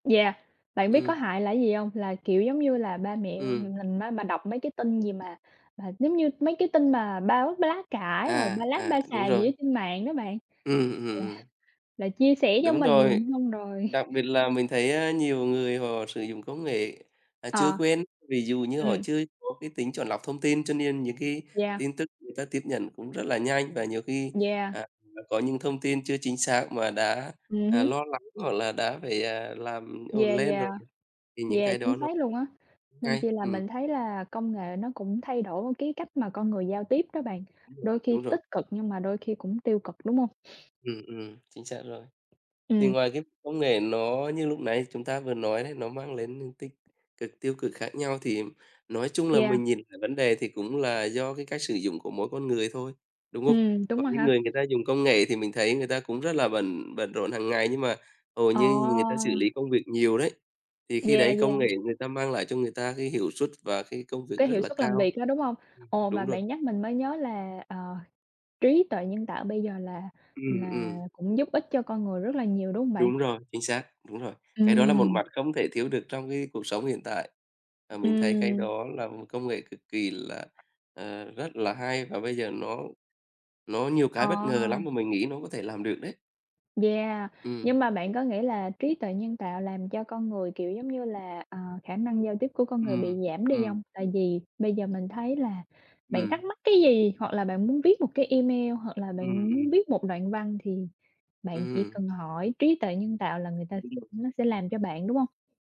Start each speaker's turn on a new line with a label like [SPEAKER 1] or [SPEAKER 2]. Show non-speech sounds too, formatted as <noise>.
[SPEAKER 1] Yeah, bạn biết có
[SPEAKER 2] Ừm.
[SPEAKER 1] hại là cái gì hông? Là, kiểu, giống như là ba mẹ
[SPEAKER 2] Ừm.
[SPEAKER 1] ng ng mình bà đọc mấy cái tin gì mà mà giống như mấy cái tin mà báo b lá cải, rồi
[SPEAKER 2] À,
[SPEAKER 1] ba láp
[SPEAKER 2] à,
[SPEAKER 1] ba
[SPEAKER 2] đúng
[SPEAKER 1] xàm gì ở
[SPEAKER 2] rồi.
[SPEAKER 1] trên mạng đó bạn,
[SPEAKER 2] Ừm, ừm,
[SPEAKER 1] là
[SPEAKER 2] ừm.
[SPEAKER 1] là chia sẻ cho
[SPEAKER 2] Đúng rồi.
[SPEAKER 1] mình, xong rồi
[SPEAKER 2] Đặc biệt là mình thấy, a, nhiều người họ sử dụng công nghệ, à, chưa
[SPEAKER 1] Ờ.
[SPEAKER 2] quen, ví dụ như họ
[SPEAKER 1] Ừm.
[SPEAKER 2] chưa có cái tính chọn lọc thông tin cho nên những cái
[SPEAKER 1] Yeah.
[SPEAKER 2] tin tức người ta tiếp nhận cũng rất là nhanh và nhiều khi,
[SPEAKER 1] Yeah.
[SPEAKER 2] à, <unintelligible> có những thông tin chưa chính xác mà đã,
[SPEAKER 1] Ừm
[SPEAKER 2] à,
[SPEAKER 1] hứm.
[SPEAKER 2] lo lắng hoặc là đã phải, à, làm ổn
[SPEAKER 1] Yeah,
[SPEAKER 2] lên
[SPEAKER 1] yeah.
[SPEAKER 2] rồi, thì những
[SPEAKER 1] Yeah,
[SPEAKER 2] cái
[SPEAKER 1] chính
[SPEAKER 2] đó nó
[SPEAKER 1] xác luôn á, nên
[SPEAKER 2] ngay,
[SPEAKER 1] chi là
[SPEAKER 2] ừm.
[SPEAKER 1] mình thấy là công nghệ nó cũng thay đổi luôn cái cách mà con người giao tiếp đó bạn, đôi
[SPEAKER 2] <unintelligible>
[SPEAKER 1] khi
[SPEAKER 2] Đúng rồi.
[SPEAKER 1] tích cực nhưng mà đôi khi cũng tiêu cực, đúng hông?
[SPEAKER 2] Ừm, ừm, chính xác rồi. Thì
[SPEAKER 1] Ừm.
[SPEAKER 2] ngoài cái công nghệ nó như lúc nãy chúng ta vừa nói đấy, nó mang đến những tích cực, tiêu cực khác nhau, thì nói chung là
[SPEAKER 1] Yeah.
[SPEAKER 2] mình nhìn cả vấn đề thì cũng là do cái cách sử dụng của mỗi con người thôi, đúng không?
[SPEAKER 1] Ừm,
[SPEAKER 2] Có
[SPEAKER 1] đúng rồi
[SPEAKER 2] những
[SPEAKER 1] ha.
[SPEAKER 2] người người ta dùng công nghệ thì mình thấy người ta cũng rất là bận bận rộn hàng ngày nhưng mà hầu
[SPEAKER 1] Ờ.
[SPEAKER 2] như người ta xử lý công việc nhiều đấy, thì khi
[SPEAKER 1] Yeah,
[SPEAKER 2] đấy công nghệ
[SPEAKER 1] yeah.
[SPEAKER 2] người ta mang lại cho người ta cái hiệu suất và cái công việc
[SPEAKER 1] Cái
[SPEAKER 2] rất
[SPEAKER 1] hiệu
[SPEAKER 2] là
[SPEAKER 1] suất làm
[SPEAKER 2] cao.
[SPEAKER 1] việc đó, đúng hông? Ồ, mà
[SPEAKER 2] Đúng rồi.
[SPEAKER 1] bạn nhắc mình mới nhớ là, ờ, trí tuệ nhân tạo bây giờ là
[SPEAKER 2] Ừm,
[SPEAKER 1] là
[SPEAKER 2] ừm.
[SPEAKER 1] cũng giúp ích cho con người rất là nhiều, đúng hông bạn?
[SPEAKER 2] Đúng rồi, chính xác, đúng rồi. Cái đó là một
[SPEAKER 1] Ừm.
[SPEAKER 2] mặt không thể thiếu được trong cái cuộc sống hiện tại. À, mình thấy cái
[SPEAKER 1] Ừm.
[SPEAKER 2] đó là một công nghệ cực kỳ là, ờ, rất là hay và bây giờ nó nó nhiều
[SPEAKER 1] Ờ.
[SPEAKER 2] cái bất ngờ lắm mà mình nghĩ nó có thể làm được đấy.
[SPEAKER 1] Yeah,
[SPEAKER 2] Ừm.
[SPEAKER 1] nhưng mà bạn có nghĩ là trí tuệ nhân tạo làm cho con người, kiểu, giống như là, à, khả năng giao tiếp của con người bị
[SPEAKER 2] Ừm,
[SPEAKER 1] giảm đi
[SPEAKER 2] ừm.
[SPEAKER 1] hông? Tại vì bây giờ mình thấy là bạn
[SPEAKER 2] Ừm.
[SPEAKER 1] thắc mắc cái gì, hoặc là bạn muốn viết một cái email, hoặc là bạn
[SPEAKER 2] Ừm,
[SPEAKER 1] muốn
[SPEAKER 2] ừm.
[SPEAKER 1] viết một đoạn văn thì bạn chỉ
[SPEAKER 2] Ừm.
[SPEAKER 1] cần hỏi trí tuệ nhân tạo là người ta
[SPEAKER 2] <unintelligible>
[SPEAKER 1] nó sẽ làm cho bạn, đúng hông?